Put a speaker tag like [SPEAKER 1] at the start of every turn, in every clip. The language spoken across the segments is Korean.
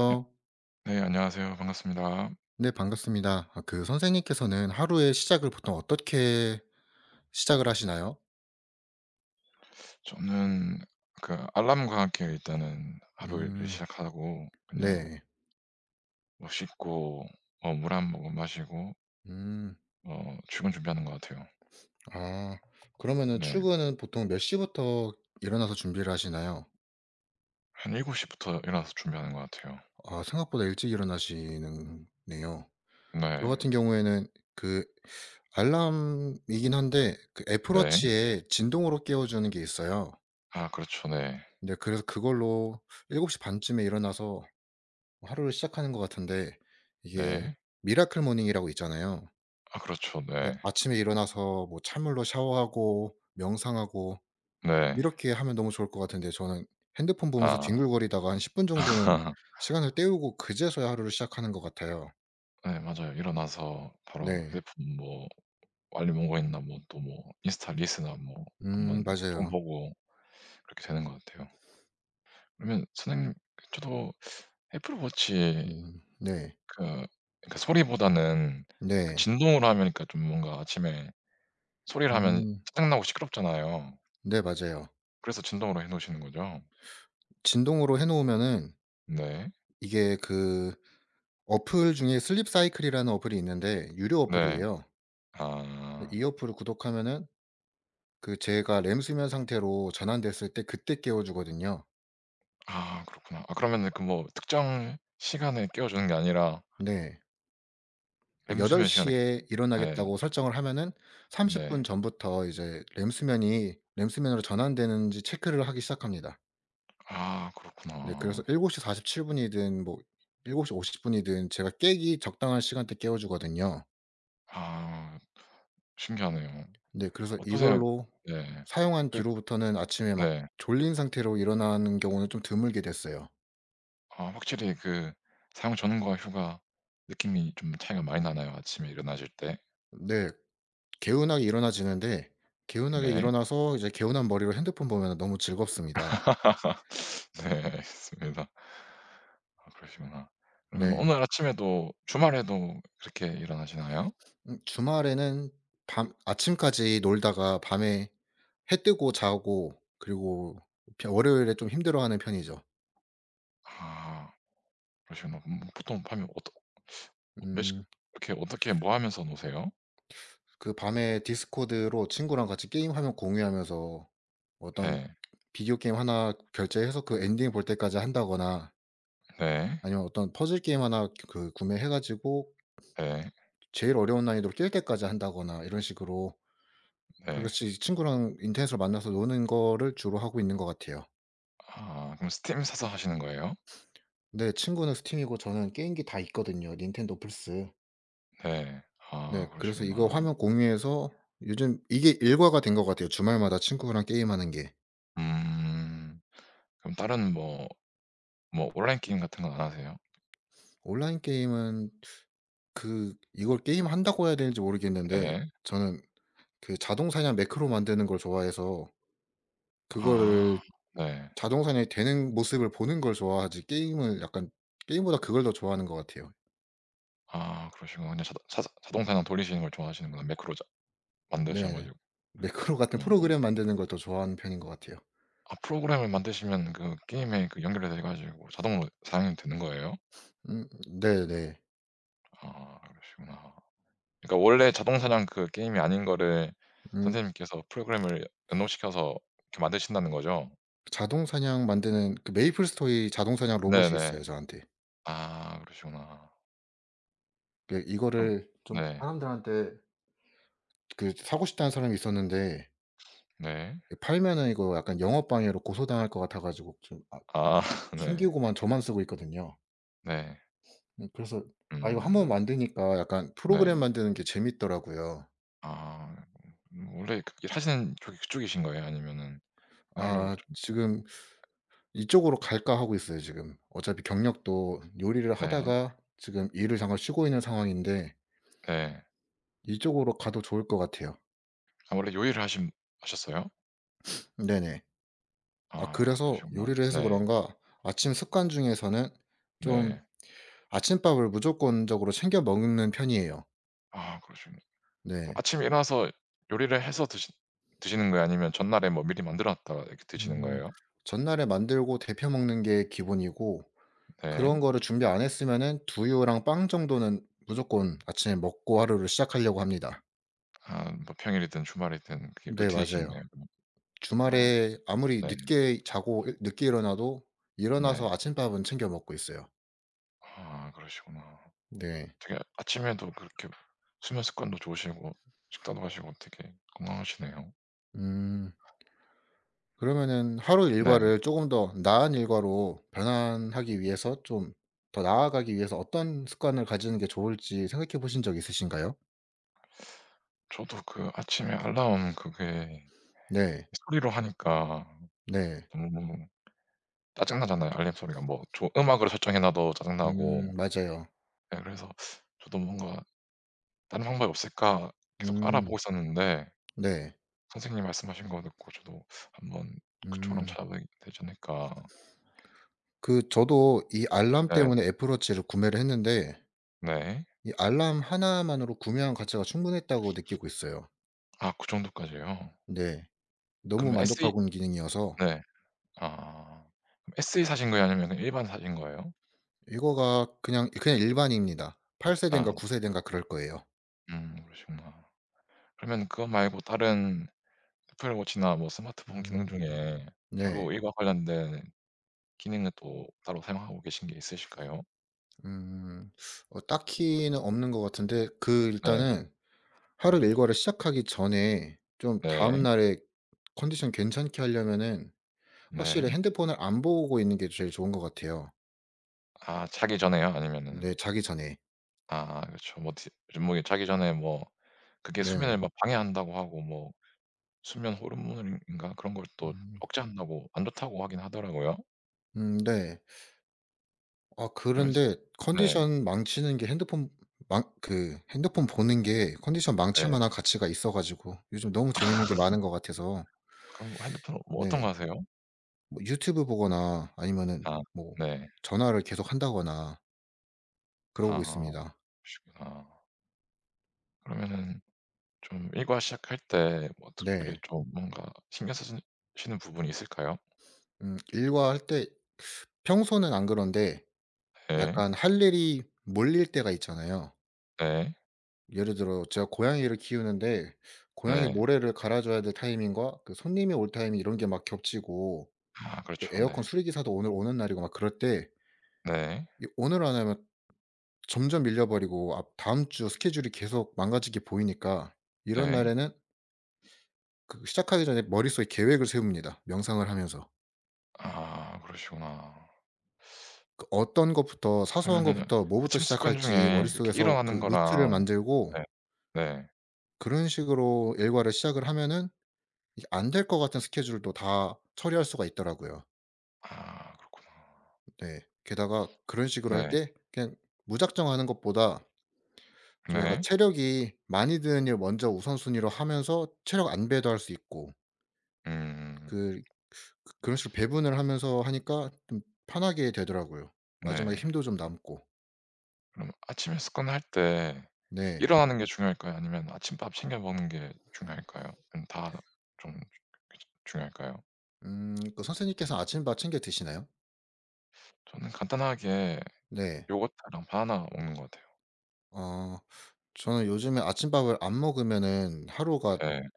[SPEAKER 1] 안녕 네, 안녕하세요 반갑습니다.
[SPEAKER 2] 네, 반갑습니다. 아 그 선생님께서는 하루의 시작을 보통 어떻게 시작을 하시나요?
[SPEAKER 1] 저는 그 알람과 함께 일단은 하루를
[SPEAKER 2] 음.
[SPEAKER 1] 시작하고 그냥
[SPEAKER 2] 네.
[SPEAKER 1] 뭐 씻고 어 물 1 모금 마시고
[SPEAKER 2] 음.
[SPEAKER 1] 어 출근 준비하는 것 같아요.
[SPEAKER 2] 아. 그러면은
[SPEAKER 1] 네.
[SPEAKER 2] 출근은 보통 몇 시부터 일어나서 준비를 하시나요?
[SPEAKER 1] 한 7 시부터 일어나서 준비하는 것 같아요.
[SPEAKER 2] 아 생각보다 일찍 일어나시는 네요. 저
[SPEAKER 1] 네.
[SPEAKER 2] 같은 경우에는 그 알람이긴 한데 그 애플
[SPEAKER 1] 네.
[SPEAKER 2] 워치에 진동으로 깨워 주는 게 있어요.
[SPEAKER 1] 아 그렇죠. 네.
[SPEAKER 2] 네, 그래서 그걸로 7 시 반쯤에 일어나서 하루를 시작하는 것 같은데 이게
[SPEAKER 1] 네.
[SPEAKER 2] 미라클 모닝이라고 있잖아요.
[SPEAKER 1] 아 그렇죠. 네.
[SPEAKER 2] 예, 아침에 일어나서 뭐 찬물로 샤워하고 명상하고
[SPEAKER 1] 네.
[SPEAKER 2] 이렇게 하면 너무 좋을 것 같은데 저는 핸드폰 보면서
[SPEAKER 1] 아.
[SPEAKER 2] 뒹굴거리다가 한 10 분 정도는 시간을 때우고 그제서야 하루를 시작하는 것 같아요.
[SPEAKER 1] 예. 맞아요. 일어나서 바로
[SPEAKER 2] 네.
[SPEAKER 1] 휴대폰 뭐 알림 온 거 있나 뭐 또 뭐 인스타 릴스나 뭐 1
[SPEAKER 2] 음.
[SPEAKER 1] 번 폰
[SPEAKER 2] 맞아요.
[SPEAKER 1] 보고 그렇게 되는 것 같아요. 그러면 선생님 저도 애플워치에
[SPEAKER 2] 음. 네.
[SPEAKER 1] 그 그러니까 소리보다는 그
[SPEAKER 2] 네.
[SPEAKER 1] 진동으로 하면 그러니까 좀 뭔가 아침에 소리를 하면
[SPEAKER 2] 음.
[SPEAKER 1] 짜증나고 시끄럽잖아요.
[SPEAKER 2] 네. 맞아요.
[SPEAKER 1] 그래서 진동으로 해 놓으시는 거죠?
[SPEAKER 2] 진동으로 해 놓으면은
[SPEAKER 1] 네.
[SPEAKER 2] 이게 그 어플 중에 슬립 사이클이라는 어플이 있는데 유료
[SPEAKER 1] 네.
[SPEAKER 2] 어플이에요.
[SPEAKER 1] 아.
[SPEAKER 2] 이 어플을 구독하면은 그 제가 램수면 상태로 전환됐을 때 그때 깨워 주거든요.
[SPEAKER 1] 아. 그렇구나. 아 그러면은 그 뭐 특정 시간에 깨워 주는 게 아니라
[SPEAKER 2] 네. 그 8
[SPEAKER 1] 램수면 시간에
[SPEAKER 2] 시에
[SPEAKER 1] 깨 예.
[SPEAKER 2] 일어나겠다고 설정을 하면은 30
[SPEAKER 1] 네.
[SPEAKER 2] 분 전부터 이제 램수면이 램수면으로 전환되는지 체크를 하기 시작합니다.
[SPEAKER 1] 아.
[SPEAKER 2] 네. 그래서
[SPEAKER 1] 그렇구나.
[SPEAKER 2] 7 시 47분 이든 뭐 7 시 50 분이든 제가 깨기 적당한 시간 때 깨워 주거든요.
[SPEAKER 1] 아. 신기하네요.
[SPEAKER 2] 네. 그래서
[SPEAKER 1] 어떠세요?
[SPEAKER 2] 이걸로
[SPEAKER 1] 네.
[SPEAKER 2] 사용한
[SPEAKER 1] 그
[SPEAKER 2] 뒤로부터는 아침에 막
[SPEAKER 1] 네.
[SPEAKER 2] 졸린 상태로 일어나는 경우는 좀 드물게 됐어요.
[SPEAKER 1] 아 확실히 그 사용 전과 후가 느낌이 좀 차이가 많이 나나요 아침에 일어나실 때?
[SPEAKER 2] 네. 개운하게 일어나지는데 개운하게
[SPEAKER 1] 네.
[SPEAKER 2] 일어나서 이제 개운한 머리로 핸드폰 보면은 너무 즐겁습니다.
[SPEAKER 1] 네. 알겠습니다. 아 그러시구나. 그러면
[SPEAKER 2] 네.
[SPEAKER 1] 오늘 아침에도 주말에도 그렇게 일어나시나요?
[SPEAKER 2] 음 주말에는 밤 아침까지 놀다가 밤에 해 뜨고 자고 그리고 벼 월요일에 좀 힘들어하는 편이죠.
[SPEAKER 1] 아. 그러시구나. 음 보통 밤에 어떻 몇 시
[SPEAKER 2] 음.
[SPEAKER 1] 이렇게 어떻게 뭐 하면서 노세요?
[SPEAKER 2] 그 밤에 디스코드로 친구랑 같이 게임 화면 공유하면서 어떤
[SPEAKER 1] 네.
[SPEAKER 2] 비디오 게임 1 결제해서 그 엔딩 볼 때까지 한다거나
[SPEAKER 1] 네.
[SPEAKER 2] 아니면 어떤 퍼즐 게임 1 그 구매해 가지고
[SPEAKER 1] 네.
[SPEAKER 2] 제일 어려운 난이도로 깰 때까지 한다거나 이런 식으로 다
[SPEAKER 1] 네.
[SPEAKER 2] 같이 친구랑 인터넷으로 만나서 노는 거를 주로 하고 있는 거 같아요.
[SPEAKER 1] 아 그럼 스팀 사서 하시는 거예요?
[SPEAKER 2] 네 친구는 스팀이고 저는 게임기 다 있거든요, 닌텐도, 플스.
[SPEAKER 1] 네.
[SPEAKER 2] 네.
[SPEAKER 1] 아
[SPEAKER 2] 그래서 이거
[SPEAKER 1] 그러시구나.
[SPEAKER 2] 화면 공유해서 요즘 이게 일과가 된 것 같아요, 주말마다 친구랑 게임하는 게.
[SPEAKER 1] 음. 그럼 다른 뭐 뭐 온라인 게임 같은 건 안 하세요?
[SPEAKER 2] 온라인 게임은 그 이걸 게임한다고 해야 되는지 모르겠는데
[SPEAKER 1] 네.
[SPEAKER 2] 저는 그 자동 사냥 매크로 만드는 걸 좋아해서 그거를
[SPEAKER 1] 아. 네.
[SPEAKER 2] 자동 사냥이 되는 모습을 보는 걸 좋아하지 게임을 약간 게임보다 그걸 더 좋아하는 것 같아요.
[SPEAKER 1] 아 그러시구나. 근데 자동 사사 자동 사냥 돌리시는 걸 좋아하시는구나, 매크로 자 만드셔
[SPEAKER 2] 네.
[SPEAKER 1] 가지고.
[SPEAKER 2] 매크로 같은
[SPEAKER 1] 음.
[SPEAKER 2] 프로그램 만드는 걸 더 좋아하는 편인 것 같아요.
[SPEAKER 1] 아 프로그램을 만드시면 그 게임에 그 연결이 돼 가지고 자동으로 사냥이 되는 거예요?
[SPEAKER 2] 음. 네. 네.
[SPEAKER 1] 아 그러시구나. 그러니까 원래 자동 사냥 그 게임이 아닌 거를
[SPEAKER 2] 음.
[SPEAKER 1] 선생님께서 프로그램을 연동시켜서 이렇게 만드신다는 거죠?
[SPEAKER 2] 자동 사냥 만드는 그 메이플 스토리 자동 사냥 로봇이
[SPEAKER 1] 네네.
[SPEAKER 2] 있어요, 저한테.
[SPEAKER 1] 아 그러시구나.
[SPEAKER 2] 그
[SPEAKER 1] 좀
[SPEAKER 2] 이거를 좀
[SPEAKER 1] 네.
[SPEAKER 2] 사람들한테 그 사고 싶다는 사람이 있었는데
[SPEAKER 1] 네.
[SPEAKER 2] 그 팔면은 이거 약간 영업 방해로 고소당할 것 같아 가지고 좀 아
[SPEAKER 1] 아 네.
[SPEAKER 2] 튕기고만 저만 쓰고 있거든요.
[SPEAKER 1] 네.
[SPEAKER 2] 음 그래서 아 이거 1 번
[SPEAKER 1] 음.
[SPEAKER 2] 만드니까 약간 프로그램
[SPEAKER 1] 네.
[SPEAKER 2] 만드는 게 재밌더라고요.
[SPEAKER 1] 아 원래 그 일하시는 쪽이 그쪽이신 거예요? 아니면은 하려고
[SPEAKER 2] 아
[SPEAKER 1] 좀
[SPEAKER 2] 지금 '이쪽으로 갈까.' 하고 있어요 지금. 어차피 경력도 요리를
[SPEAKER 1] 네.
[SPEAKER 2] 하다가 지금 일을 잠깐 쉬고 있는 상황인데
[SPEAKER 1] 예.
[SPEAKER 2] 이쪽으로 가도 좋을 것 같아요.
[SPEAKER 1] 아 원래 요리를 하신 하셨어요?
[SPEAKER 2] 네네. 아
[SPEAKER 1] 아
[SPEAKER 2] 그래서
[SPEAKER 1] 그러시구나.
[SPEAKER 2] 요리를 해서
[SPEAKER 1] 네.
[SPEAKER 2] 그런가 아침 습관 중에서는 좀
[SPEAKER 1] 네.
[SPEAKER 2] 아침밥을 무조건적으로 챙겨 먹는 편이에요.
[SPEAKER 1] 아 그러시구나. 그럼
[SPEAKER 2] 네.
[SPEAKER 1] 아침에 일어나서 요리를 해서 드시 드시는 거예요? 아니면 전날에 뭐 미리 만들어 놨다가 이렇게 드시는
[SPEAKER 2] 음.
[SPEAKER 1] 거예요?
[SPEAKER 2] 전날에 만들고 데워 먹는 게 기본이고 그런
[SPEAKER 1] 네.
[SPEAKER 2] 거를 준비 안 했으면은 두유랑 빵 정도는 무조건 아침에 먹고 하루를 시작하려고 합니다.
[SPEAKER 1] 아 뭐 평일이든 주말이든 그게
[SPEAKER 2] 네 맞아요.
[SPEAKER 1] 루틴이신가요 그럼? 아.
[SPEAKER 2] 주말에
[SPEAKER 1] [unintelligible]
[SPEAKER 2] 아무리
[SPEAKER 1] 네.
[SPEAKER 2] 늦게 자고 으 늦게 일어나도
[SPEAKER 1] 네.
[SPEAKER 2] 일어나서 아침밥은 챙겨 먹고 있어요.
[SPEAKER 1] 아 그러시구나.
[SPEAKER 2] 네.
[SPEAKER 1] 되게 아침에도 그렇게 수면 습관도 좋으시고 식사도 하시고 되게 건강하시네요.
[SPEAKER 2] 음. 그러면은 하루
[SPEAKER 1] 네.
[SPEAKER 2] 일과를 쪼금 더 나은 일과로 변환하기 위해서 좀 더 나아가기 위해서 어떤 습관을 가지는 게 좋을지 생각해 보신 적 있으신가요?
[SPEAKER 1] 저도 그 아침에 알람 그게
[SPEAKER 2] 네.
[SPEAKER 1] 그 소리로 하니까
[SPEAKER 2] 네.
[SPEAKER 1] 너무 짜증 나잖아요. 알림 소리가 뭐 조 음악으로 설정해 놔도 짜증 나고
[SPEAKER 2] 음 맞아요.
[SPEAKER 1] 네 그래서 저도 뭔가 '다른 방법이 없을까.' 계속 알아보고
[SPEAKER 2] 음.
[SPEAKER 1] 있었는데
[SPEAKER 2] 네.
[SPEAKER 1] 선생님이 말씀하신 거 듣고 저도 한번 그쪽으로 한번
[SPEAKER 2] 음.
[SPEAKER 1] 찾아봐야 되지 않을까.
[SPEAKER 2] 그 저도 이 알람
[SPEAKER 1] 네.
[SPEAKER 2] 때문에 애플 워치를 구매를 했는데
[SPEAKER 1] 네.
[SPEAKER 2] 이 알람 1 만으로 구매한 가치가 충분했다고 느끼고 있어요.
[SPEAKER 1] 아 그 정도까지요?
[SPEAKER 2] 네. 너무
[SPEAKER 1] 그럼 se
[SPEAKER 2] 만족하고 있는 기능이어서
[SPEAKER 1] 네. 아 그럼 se 사신 거예요 아니면은 일반 사신 거예요?
[SPEAKER 2] 이거가 그냥 그냥 일반인입니다. 8
[SPEAKER 1] 아.
[SPEAKER 2] 세대인가 9 세대인가 그럴 거예요.
[SPEAKER 1] 음. 그러시구나. 그러면 그거 말고 다른 애플워치나 뭐 스마트폰 기능
[SPEAKER 2] 음.
[SPEAKER 1] 중에
[SPEAKER 2] 네.
[SPEAKER 1] 하루 일과 관련된 기능은 또 따로 사용하고 계신 게 있으실까요?
[SPEAKER 2] 음 어 딱히는 없는 것 같은데 그
[SPEAKER 1] 네.
[SPEAKER 2] 일단은 하루 일과를 시작하기 전에 좀
[SPEAKER 1] 네.
[SPEAKER 2] 다음날에 컨디션 괜찮게 하려면은 확실히
[SPEAKER 1] 네.
[SPEAKER 2] 핸드폰을 안 보고 있는 게 제일 좋은 것 같아요.
[SPEAKER 1] 아 자기 전에요? 아니면은
[SPEAKER 2] 네. 자기 전에.
[SPEAKER 1] 아 그렇죠. 뭐 디 좀 뭐 그게 자기 전에 뭐 그게 수면을
[SPEAKER 2] 네.
[SPEAKER 1] 뭐 방해한다고 하고 뭐 수면 호르몬인가 그런 걸 또
[SPEAKER 2] 음.
[SPEAKER 1] 억제한다고 안 좋다고 하긴 하더라고요.
[SPEAKER 2] 음 네. 아
[SPEAKER 1] 그러면서
[SPEAKER 2] 그런데
[SPEAKER 1] 네.
[SPEAKER 2] 컨디션 망치는 게 핸드폰 망 그 핸드폰 보는 게 컨디션
[SPEAKER 1] 네.
[SPEAKER 2] 망칠 만한 가치가 있어 가지고 요즘 너무 재밌는 게 많은 거 같아서
[SPEAKER 1] 그럼 핸드폰 뭐 어떤
[SPEAKER 2] 네.
[SPEAKER 1] 거 하세요?
[SPEAKER 2] 뭐 유튜브 보거나 아니면은
[SPEAKER 1] 아.
[SPEAKER 2] 뭐
[SPEAKER 1] 네.
[SPEAKER 2] 전화를 계속한다거나 그러고
[SPEAKER 1] 아.
[SPEAKER 2] 있습니다.
[SPEAKER 1] 그러시구나. 그러면은 좀 일과 시작할 때 뭐 특별히
[SPEAKER 2] 네.
[SPEAKER 1] 좀 뭔가 신경 쓰시 시는 부분이 있을까요?
[SPEAKER 2] 음 일과 할 때 평소는 안 그런데
[SPEAKER 1] 예.
[SPEAKER 2] 약간 할 일이 몰릴 때가 있잖아요.
[SPEAKER 1] 네.
[SPEAKER 2] 예를 들어 제가 고양이를 키우는데 고양이
[SPEAKER 1] 네.
[SPEAKER 2] 모래를 갈아 줘야 될 타이밍과 그 손님이 올 타이밍 이런 게 막 겹치고
[SPEAKER 1] 아
[SPEAKER 2] 에
[SPEAKER 1] 그렇죠.
[SPEAKER 2] 에어컨
[SPEAKER 1] 네.
[SPEAKER 2] 수리 기사도 오늘 오는 날이고 막 그럴 때
[SPEAKER 1] 네.
[SPEAKER 2] 이 오늘 안 하면 점점 밀려 버리고 아 다음 주 스케줄이 계속 망가질 게 보이니까 이런
[SPEAKER 1] 네.
[SPEAKER 2] 날에는 그 시작하기 전에 머릿속에 계획을 세웁니다 명상을 하면서.
[SPEAKER 1] 아 그러시구나.
[SPEAKER 2] 그 어떤 것부터 사소한
[SPEAKER 1] 그러면은
[SPEAKER 2] 것부터 뭐부터
[SPEAKER 1] 아침 습관
[SPEAKER 2] 시작할지
[SPEAKER 1] 중에 이렇게
[SPEAKER 2] 머릿속에서 그
[SPEAKER 1] 일어나는
[SPEAKER 2] 루트를
[SPEAKER 1] 거랑
[SPEAKER 2] 만들고
[SPEAKER 1] 예. 네.
[SPEAKER 2] 그런 식으로 일과를 시작을 하면은 이 안 될 것 같은 스케줄도 다 처리할 수가 있더라고요.
[SPEAKER 1] 아 그렇구나.
[SPEAKER 2] 네. 게다가 그런 식으로 할
[SPEAKER 1] 네.
[SPEAKER 2] 때 그냥 무작정 하는 것보다 좀 약간
[SPEAKER 1] 네.
[SPEAKER 2] 체력이 많이 드는 일 먼저 우선순위로 하면서 체력 안배도 할 수 있고
[SPEAKER 1] 음.
[SPEAKER 2] 그 그 그런 식으로 배분을 하면서 하니까 좀 편하게 되더라고요 마지막에
[SPEAKER 1] 네.
[SPEAKER 2] 힘도 좀 남고.
[SPEAKER 1] 그럼 아침에 습관 할 때
[SPEAKER 2] 네.
[SPEAKER 1] 일어나는 게 중요할까요? 아니면 아침밥 챙겨 먹는 게 중요할까요? 음 다 좀 중요 귀찮 중요할까요?
[SPEAKER 2] 음 그 선생님께서 아침밥 챙겨 드시나요?
[SPEAKER 1] 저는 간단하게
[SPEAKER 2] 네.
[SPEAKER 1] 요거트랑 바나나 먹는 것 같아요.
[SPEAKER 2] 아 저는 요즘에 아침밥을 안 먹으면은 하루가
[SPEAKER 1] 예.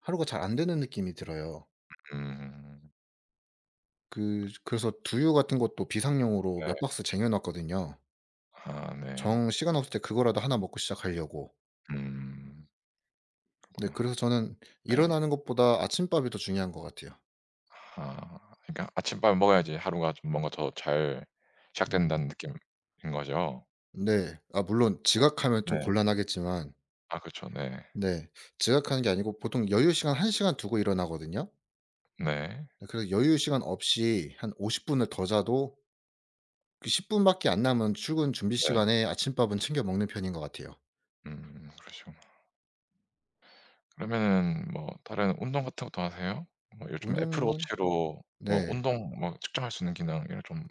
[SPEAKER 2] 하루가 잘 안 되는 느낌이 들어요.
[SPEAKER 1] 음.
[SPEAKER 2] 그 그래서 두유 같은 것도 비상용으로
[SPEAKER 1] 예.
[SPEAKER 2] 몇 박스 쟁여 놨거든요.
[SPEAKER 1] 아 네.
[SPEAKER 2] 정 시간 없을 때 그거라도 1 먹고 시작하려고.
[SPEAKER 1] 음.
[SPEAKER 2] 네. 그래서
[SPEAKER 1] 그렇구나.
[SPEAKER 2] 저는
[SPEAKER 1] 예.
[SPEAKER 2] 일어나는 것보다 아침밥이 더 중요한 것 같아요.
[SPEAKER 1] 아 그러니까 아침밥을 먹어야지 하루가 좀 뭔가 더 잘
[SPEAKER 2] 음.
[SPEAKER 1] 시작된다는 느낌인 거죠.
[SPEAKER 2] 네. 아 물론 지각하면 좀
[SPEAKER 1] 네.
[SPEAKER 2] 곤란하겠지만
[SPEAKER 1] 아 그쵸. 네.
[SPEAKER 2] 네. 지각하는 게 아니고 보통 여유 시간 1 시간 두고 일어나거든요.
[SPEAKER 1] 네.
[SPEAKER 2] 그래서 여유 시간 없이 한 50 분을 더 자도 그 10 분밖에 안 남은 출근 준비
[SPEAKER 1] 네.
[SPEAKER 2] 시간에 아침밥은 챙겨 먹는 편인 것 같아요.
[SPEAKER 1] 음 그러시구나. 그러면은 뭐 다른 운동 같은 것도 하세요? 뭐 요즘
[SPEAKER 2] 운동은
[SPEAKER 1] 애플워치로 뭐
[SPEAKER 2] 네.
[SPEAKER 1] 운동 뭐 측정할 수 있는 기능 이런 좀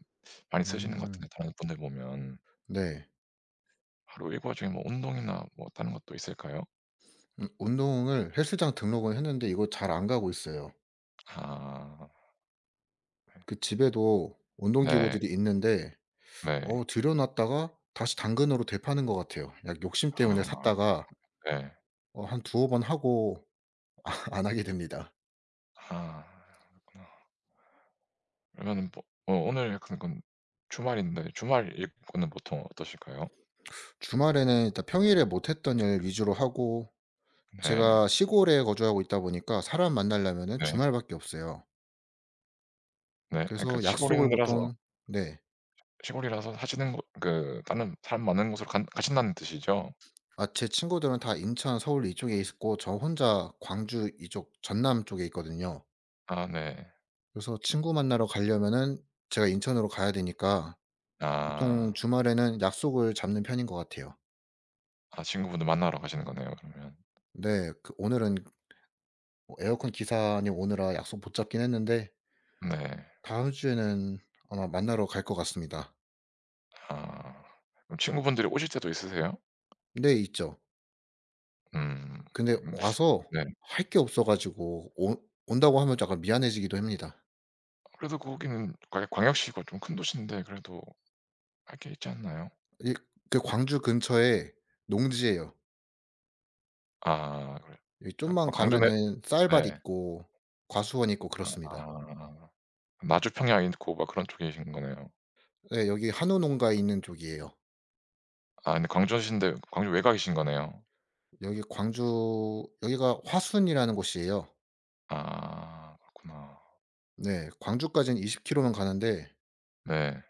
[SPEAKER 1] 많이 쓰시는 것
[SPEAKER 2] 음.
[SPEAKER 1] 같은데 다른 분들 보면.
[SPEAKER 2] 네.
[SPEAKER 1] 하루 일과 중에 뭐 운동이나 뭐 다른 것도 있을까요?
[SPEAKER 2] 음 운동을 헬스장 등록은 했는데 이거 잘 안 가고 있어요.
[SPEAKER 1] 아. 네.
[SPEAKER 2] 그 집에도
[SPEAKER 1] 네.
[SPEAKER 2] 운동기구들이 있는데 어
[SPEAKER 1] 네.
[SPEAKER 2] 들여 놨다가 다시 당근으로 되파는 것 같아요. 그냥 욕심 때문에
[SPEAKER 1] 아.
[SPEAKER 2] 샀다가
[SPEAKER 1] 네.
[SPEAKER 2] 어 한 2 어 번 하고 아 안 하게 됩니다.
[SPEAKER 1] 아 그렇구나. 그러는 뭐 어 오늘 같은 건 주말인데 주말 일과는 보통 어떠실까요?
[SPEAKER 2] 주말에는 일단 평일에 못 했던 일 위주로 하고
[SPEAKER 1] 네.
[SPEAKER 2] 제가 시골에 거주하고 있다 보니까 사람 만나려면은
[SPEAKER 1] 네.
[SPEAKER 2] 주말밖에 없어요.
[SPEAKER 1] 네 아 그러니까
[SPEAKER 2] 그래서
[SPEAKER 1] 시골 있는
[SPEAKER 2] 약속을
[SPEAKER 1] 데라서
[SPEAKER 2] 보통 네.
[SPEAKER 1] 시골이라서 사시는 곳 그 다른 사람 많은 곳으로 간 가신다는 뜻이죠?
[SPEAKER 2] 아 제 친구들은 다 인천, 서울 이쪽에 있고 저 혼자 광주 이쪽 전남 쪽에 있거든요.
[SPEAKER 1] 아 네.
[SPEAKER 2] 그래서 친구 만나러 가려면은 제가 인천으로 가야 되니까 보통
[SPEAKER 1] 아.
[SPEAKER 2] 주말에는 약속을 잡는 편인 것 같아요.
[SPEAKER 1] 아 친구분들 만나러 가시는 거네요 그러면?
[SPEAKER 2] 네. 그 오늘은 뭐 에어컨 기사님 오느라 약속 못 잡긴 했는데
[SPEAKER 1] 네.
[SPEAKER 2] 다음 주에는 아마 만나러 갈 것 같습니다.
[SPEAKER 1] 아. 그럼 친구분들이 오실 때도 있으세요?
[SPEAKER 2] 네. 있죠.
[SPEAKER 1] 음.
[SPEAKER 2] 음 근데 와서
[SPEAKER 1] 네.
[SPEAKER 2] 할 게 없어 가지고 온 온다고 하면 약간 미안해지기 됩니다.
[SPEAKER 1] 그래도 거기는 광역 광역시고 좀 큰 도시인데 그래도 할 게 있지 않나요?
[SPEAKER 2] 이 그 광주 근처에 농지예요.
[SPEAKER 1] 아. 그래요?
[SPEAKER 2] 여기
[SPEAKER 1] 아 어
[SPEAKER 2] 좀만
[SPEAKER 1] 광주네
[SPEAKER 2] 가면은 쌀밭
[SPEAKER 1] 네.
[SPEAKER 2] 있고 과수원 있고 그렇습니다.
[SPEAKER 1] 아. 나주평야 있고 막 그런 쪽에 계신 거네요.
[SPEAKER 2] 예. 여기 한우 농가 있는 쪽이에요.
[SPEAKER 1] 아. 근데 광주이신데 광주 외곽이신 거네요?
[SPEAKER 2] 여기 광주 여기가 화순이라는 곳이에요.
[SPEAKER 1] 아. 그렇구나.
[SPEAKER 2] 네. 광주까지는 20km 는 가는데
[SPEAKER 1] 네.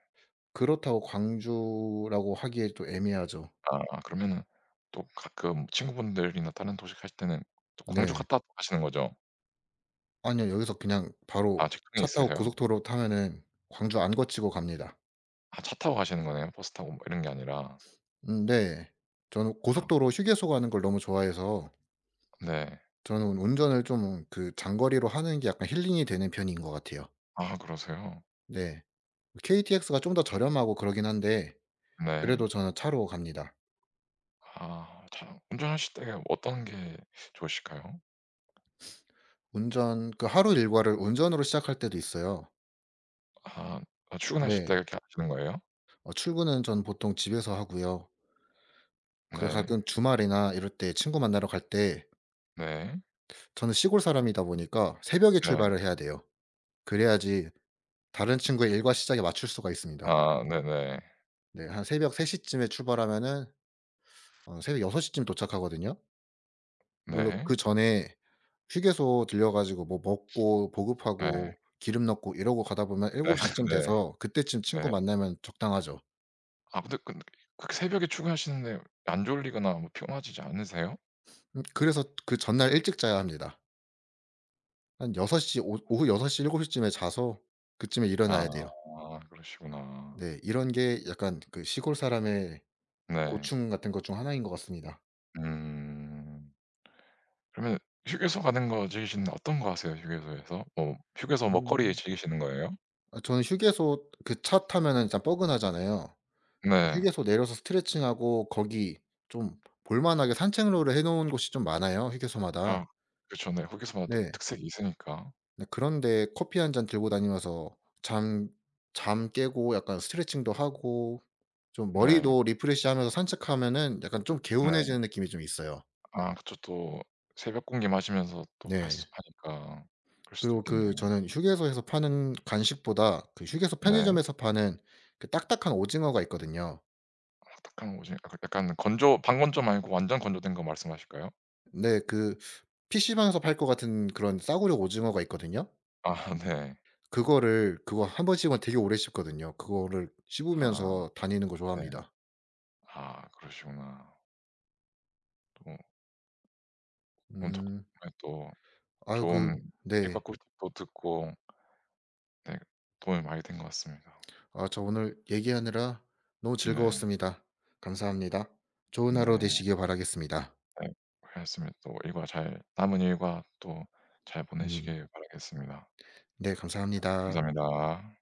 [SPEAKER 2] 그렇다고 광주라고 하기에 또 애매하죠.
[SPEAKER 1] 아. 그러면은 또 가끔 친구분들이나 다른 도시 가실 때는 또 광주
[SPEAKER 2] 네.
[SPEAKER 1] 갔다 가시는 거죠?
[SPEAKER 2] 아니요. 여기서 그냥 바로
[SPEAKER 1] 아 직행
[SPEAKER 2] 차 타고
[SPEAKER 1] 있으세요?
[SPEAKER 2] 고속도로 타면은 광주 안 거치고 갑니다.
[SPEAKER 1] 아 차 타고 가시는 거네요, 버스 타고 뭐 이런 게 아니라?
[SPEAKER 2] 음 네. 저는
[SPEAKER 1] 아.
[SPEAKER 2] 고속 도로 휴게소 가는 걸 너무 좋아해서
[SPEAKER 1] 네.
[SPEAKER 2] 저는 운전을 좀 그 장거리로 하는 게 약간 힐링이 되는 편인 것 같아요.
[SPEAKER 1] 아 그러세요?
[SPEAKER 2] 네. KTX가 좀 더 저렴하고 그러긴 한데
[SPEAKER 1] 네.
[SPEAKER 2] 그래도 저는 차로 갑니다.
[SPEAKER 1] 아 차 운전하실 때 어떤 게 좋으실까요?
[SPEAKER 2] 운전 그 하루 일과를 운전으로 시작할 때도 있어요.
[SPEAKER 1] 아. 아 출근하실 때
[SPEAKER 2] 네.
[SPEAKER 1] 그렇게 [unintelligible] 거예요?
[SPEAKER 2] 어 출근은 전 보통 집에서 하고요. 그
[SPEAKER 1] 네.
[SPEAKER 2] 가끔 주말이나 이럴 때 친구 만나러 갈 때
[SPEAKER 1] 네.
[SPEAKER 2] 저는 시골 사람이다 보니까 새벽에
[SPEAKER 1] 네.
[SPEAKER 2] 출발을 해야 돼요. 그래야지 다른 친구의 일과 시작에 맞출 수가 있습니다.
[SPEAKER 1] 아 네네.
[SPEAKER 2] 네 한 새벽 3 시쯤에 출발하면은 어 새벽 6 시쯤 도착하거든요. 물론
[SPEAKER 1] 네.
[SPEAKER 2] 그전에 휴게소 들러 가지고 뭐 먹고
[SPEAKER 1] 네.
[SPEAKER 2] 보급하고 기름 넣고 이러고 가다 보면
[SPEAKER 1] 네.
[SPEAKER 2] 7 시쯤
[SPEAKER 1] 네.
[SPEAKER 2] 돼서 그때쯤 친구
[SPEAKER 1] 네.
[SPEAKER 2] 만나면 적당하죠.
[SPEAKER 1] 아 근데 끈 그렇게 새벽에 출근하시는데 안 졸리거나 뭐 피곤하시지 않으세요?
[SPEAKER 2] 음 그래서 그 전날 일찍 자야 합니다. 한 6 시 오 오후 6 시 7 시 쯤에 자서 그쯤에
[SPEAKER 1] 아
[SPEAKER 2] 일어나야 돼요.
[SPEAKER 1] 그러시구나.
[SPEAKER 2] 네. 이런 게 약간 그 시골 사람의
[SPEAKER 1] 네.
[SPEAKER 2] 고충 같은 것 중 하나인 것 같습니다.
[SPEAKER 1] 음. 그러면 휴게소 가는 거 즐기시면 어떤 거 하세요? 휴게소에서? 뭐 휴게소 먹거리
[SPEAKER 2] 음.
[SPEAKER 1] 즐기시는 거예요?
[SPEAKER 2] 아 저는 휴게소, 그 차 타면은 진짜 뻐근하잖아요. 예
[SPEAKER 1] 네.
[SPEAKER 2] 휴게소 내려서 스트레칭 하고 거기 좀 볼 만하게 산책로를 해 놓은 곳이 좀 많아요 휴게소마다.
[SPEAKER 1] 아. 그쵸. 네 휴게소마다
[SPEAKER 2] 네.
[SPEAKER 1] 특색이 있으니까.
[SPEAKER 2] 네 그런 데 커피 1 잔 들고 다니면서 잠 잠 깨고 약간 스트레칭도 하고 좀
[SPEAKER 1] 네.
[SPEAKER 2] 머리도 리프레시하면서 산책하면은 약간 좀
[SPEAKER 1] 네.
[SPEAKER 2] 개운해지는 느낌이 좀 있어요.
[SPEAKER 1] 아 그쵸. 또 새벽 공기 마시면서 또 할
[SPEAKER 2] 네.
[SPEAKER 1] 수 하니까. 그럴 수도
[SPEAKER 2] 그리고
[SPEAKER 1] 있겠네요.
[SPEAKER 2] 그 저는 휴게소에서 파는 간식보다 그 휴게소
[SPEAKER 1] 네.
[SPEAKER 2] 편의점에서 파는 그 딱딱한 오징어가 있거든요.
[SPEAKER 1] 와 딱딱한 오징어, 그 약간 건조 반건조 말고 완전 건조된 거 말씀하실까요?
[SPEAKER 2] 네 그 PC방에서 팔 것 같은 그런 싸구려 오징어가 있거든요.
[SPEAKER 1] 아. 네.
[SPEAKER 2] 그거를 그거 1 번 씹으면 되게 오래 씹거든요. 그거를
[SPEAKER 1] 아.
[SPEAKER 2] 씹으면서 다니는 거
[SPEAKER 1] 네.
[SPEAKER 2] 좋아합니다.
[SPEAKER 1] 아 그러시구나. 또 음 자꾸
[SPEAKER 2] 음.
[SPEAKER 1] 네 또
[SPEAKER 2] 아유 그
[SPEAKER 1] 좋은 회사
[SPEAKER 2] 네.
[SPEAKER 1] 꿀팁도 듣고 네. 도움이 많이 된 것 같습니다.
[SPEAKER 2] 아 저 오늘 얘기하느라 너무
[SPEAKER 1] 네.
[SPEAKER 2] 즐거웠습니다. 감사합니다. 좋은 하루
[SPEAKER 1] 네.
[SPEAKER 2] 되시길 바라겠습니다.
[SPEAKER 1] 네. 그랬으면 또 일과 잘 남은 일과 또 잘
[SPEAKER 2] 음.
[SPEAKER 1] 보내시길 바라겠습니다.
[SPEAKER 2] 네 감사합니다.
[SPEAKER 1] 감사합니다.